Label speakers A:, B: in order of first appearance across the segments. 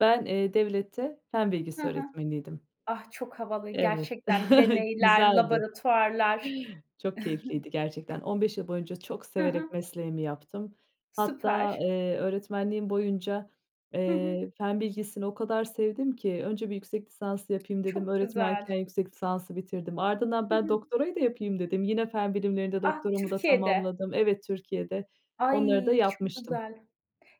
A: Ben, eee, devlette fen
B: Hı
A: bilgisi
B: hı.
A: öğretmeniydim.
B: Ah, çok havalı
A: Evet,
B: gerçekten deneyler,
A: güzeldi.
B: laboratuvarlar.
A: Çok keyifliydi gerçekten. 15 yıl boyunca çok
B: Ha
A: severek
B: ha.
A: mesleğimi yaptım. Hatta,
B: Süper.
A: eee, öğretmenliğim boyunca,
B: Hı hı.
A: eee, fen bilgisini o kadar sevdim ki önce bir yüksek lisans yapayım dedim.
B: Çok güzel.
A: Öğretmenken yüksek lisansı bitirdim. Ardından,
B: Hı
A: ben
B: hı.
A: doktorayı da yapayım dedim. Yine fen bilimlerinde
B: Ah,
A: doktoramı da
B: Türkiye'de.
A: tamamladım. Evet, Türkiye'de onları da
B: Ay, çok
A: yapmıştım.
B: güzel.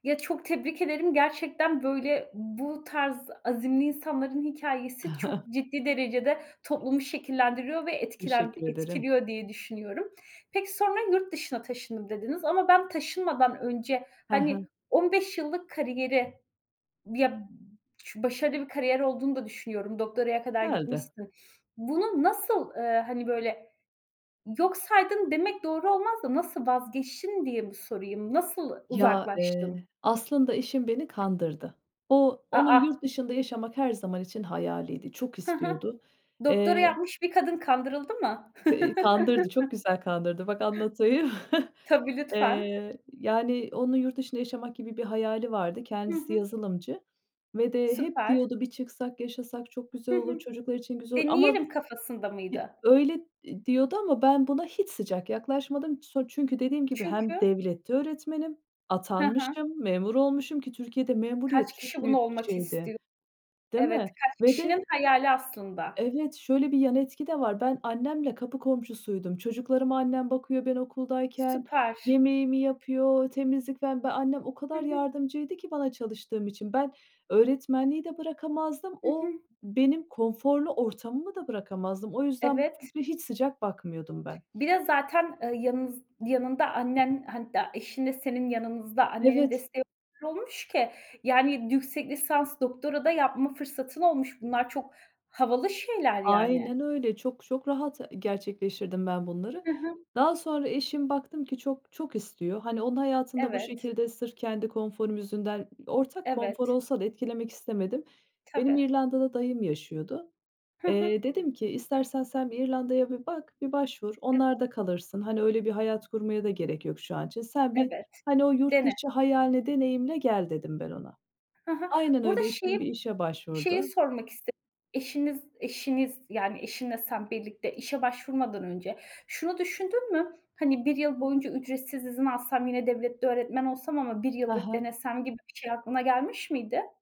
B: Ya, çok tebrik ederim. Gerçekten, böyle, bu tarz azimli insanların hikâyesi çok ciddi derecede toplumu şekillendiriyor ve etkilend
A: Teşekkür ederim.
B: etkiliyor diye düşünüyorum. Peki, sonra, "Yurt dışına taşındım." dediniz ama ben taşınmadan önce,
A: Ha ha.
B: hani, 15 yıllık kariyeri, ya, b ş başarılı bir kariyer olduğunu da düşünüyorum. Doktoraya kadar
A: Güzeldi.
B: gitmişsin. Bunu nasıl, ııı, hani, böyle, yok saydın demek doğru olmaz da, nasıl vazgeçtin diye mi sorayım? Nasıl
A: Ya,
B: uzaklaştın?
A: eee, aslında eşim beni kandırdı. O
B: A,
A: onun yurt
B: a.
A: dışında yaşamak her zaman için hayaliydi, çok
B: Hı hı.
A: istiyordu.
B: Doktora
A: Eee
B: yapmış bir kadın kandırıldı mı?
A: Ka eee, kandırdı, çok güzel kandırdı. Bak, anlatayım.
B: Tabii, lütfen.
A: Eee, yani, onun yurt dışında yaşamak gibi bir hayali vardı.
B: Hı
A: Kendisi
B: hı.
A: yazılımcı ve de hep
B: Süper.
A: diyordu, "Bir çıksak, yaşasak çok güzel
B: Hı
A: olur,
B: hı.
A: çocuklar için güzel olur." Ama
B: Deneyelim kafasında
A: bir
B: mıydı?
A: öyle ,eee, diyordu ama ben buna hiç sıcak yaklaşmadım. So çünkü dediğim gibi, hem
B: Çünkü
A: devlette öğretmenim,
B: Ha ha.
A: atanmışım, memur olmuşum ki Türkiye'de memuriyet
B: Kaç kişi
A: çok
B: bunu
A: büyük bir
B: olmak
A: şeydi.
B: istiyor?
A: Değil
B: Evet,
A: mi?
B: kaç
A: Ve de
B: kişinin hayali aslında.
A: Evet. Şöyle bir yan etki de var. Ben annemle kapı komşusuydum. Çocuklarıma annem bakıyor ben okuldayken.
B: Süper.
A: Yemeğimi yapıyor, temizlik, falan. Ben annem, o
B: Hı
A: kadar
B: hı.
A: yardımcıydı ki bana çalıştığım için. Ben öğretmenliği de bırakamazdım.
B: Hı
A: O
B: hı.
A: benim konforlu ortamımı da bırakamazdım. O yüzden bu
B: Evet.
A: fikre hiç sıcak bakmıyordum ben.
B: Bir de zaten, ııı, yanınız yanında annen, hatta eşinle senin yanınızda annenin
A: Evet.
B: desteği [unintelligible] olmuş ki, yani, yüksek lisans, doktora da yapma fırsatın olmuş. Bunlar çok havalı şeyler, yani.
A: Aynen öyle, çok çok rahat ı gerçekleştirdim ben bunları.
B: Hı hı.
A: Daha sonra eşim, baktım ki çok, çok istiyor. Hani, onun hayatını da bu
B: Evet.
A: şekilde, sırf kendi konforum yüzünden, ortak konfor
B: Evet.
A: olsa da etkilemek istemedim. Benim
B: Tabii.
A: İrlanda'da dayım yaşıyordu.
B: Ha ha.
A: Eee, dedim ki, "İstersen sen bir İrlanda'ya bir bak, bir başvur,
B: Evet.
A: onlarda kalırsın. Hani, öyle bir hayat kurmaya da gerek yok şu an için. Sen bir,
B: Evet.
A: hani, o yurt
B: Dene.
A: dışı hayalini deneyimle gel." dedim ben ona.
B: Ha ha.
A: Aynen
B: Burada
A: öyle, eşim bir
B: şeyi,
A: işe
B: şeyi
A: başvurdu.
B: sormak iste eşiniz eşiniz, yani, eşinle sen birlikte işe başvurmadan önce şunu düşündün mü? Hani, 1 yıl boyunca ücretsiz izin alsam, yine devlette öğretmen olsam ama 1
A: Ha
B: yıllık
A: ha.
B: denesem gibi bir şey aklına gelmiş miydi?